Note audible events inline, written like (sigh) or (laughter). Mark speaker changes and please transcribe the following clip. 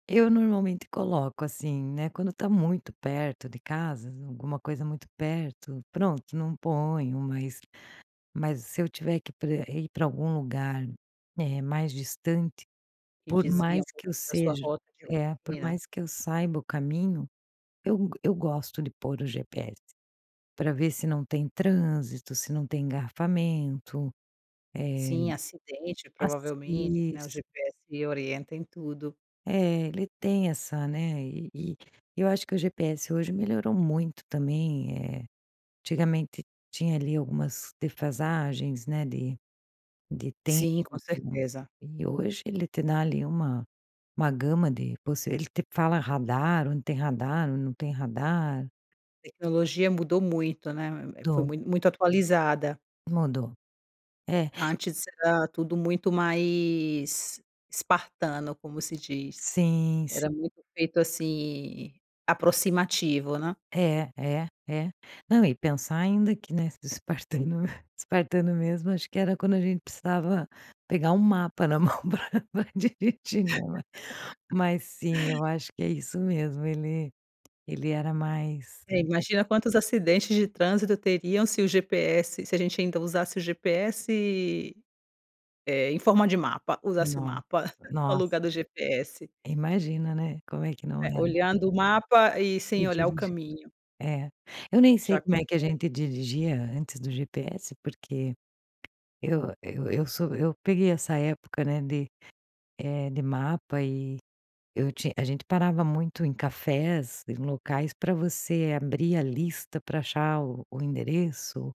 Speaker 1: Eu normalmente coloco, assim, né, quando tá muito perto de casa, alguma coisa muito perto, pronto não ponho, mas mas se eu tiver que pra rei pra algum lugar, eh, mais distante,
Speaker 2: E
Speaker 1: por
Speaker 2: desvia
Speaker 1: mais
Speaker 2: um
Speaker 1: que
Speaker 2: pouco
Speaker 1: eu
Speaker 2: da sua
Speaker 1: seja
Speaker 2: rota de
Speaker 1: É, por
Speaker 2: rotina?
Speaker 1: mais que eu saiba o caminho, eu eu gosto de pôr o GPS pra ver se não tem trânsito, se não tem engarrafamento, eh,
Speaker 2: Sim, acidente
Speaker 1: assim.
Speaker 2: provavelmente, né? O
Speaker 1: Isso.
Speaker 2: GPS orienta em tudo.
Speaker 1: Eh, ele tem essa né, eh, eh, eu acho que o GPS hoje melhorou muito também, eh, antigamente tinha ali algumas defasagens, né, de de tempo
Speaker 2: Sim, com certeza.
Speaker 1: e hoje ele te dá ali, uma uma gama de possi ele te fala radar onde tem radar, onde não tem radar.
Speaker 2: Tecnologia mudou muito, né? Hã, eh, foi
Speaker 1: Do.
Speaker 2: muito muito atualizada.
Speaker 1: Mudou. É
Speaker 2: Antes, era tudo muito mais espartano como se diz.
Speaker 1: Sim, s
Speaker 2: Era muito feito assim, aproximativo, né.
Speaker 1: É. É. É. Não, e pensar ainda que, né, espartano espartano mesmo, acho que era quando a gente precisava pegar um mapa na mão pra dirigir, né? Mas mas sim,
Speaker 2: (laughs)
Speaker 1: eu acho que é isso mesmo, ele ele era mais
Speaker 2: É,
Speaker 1: tão
Speaker 2: imagina quantos acidentes de trânsito teriam se o GPS se a gente ainda usasse o GPS, eh, em forma de mapa. Usasse o
Speaker 1: Não.
Speaker 2: mapa, ao
Speaker 1: Nó
Speaker 2: lugar do GPS.
Speaker 1: Imagina, né, como é que não
Speaker 2: Eh,
Speaker 1: era.
Speaker 2: olhando o mapa e
Speaker 1: E
Speaker 2: sem olhar o
Speaker 1: dirigir
Speaker 2: caminho.
Speaker 1: É, eu nem
Speaker 2: Já
Speaker 1: sei como é que a
Speaker 2: aconte
Speaker 1: gente dirigia antes do GPS porque eu eu eu sou eu peguei essa época, né, de, eh, de mapa e eu tinha a gente parava muito em cafés e locais pra você abrir a lista pra achar o o endereço.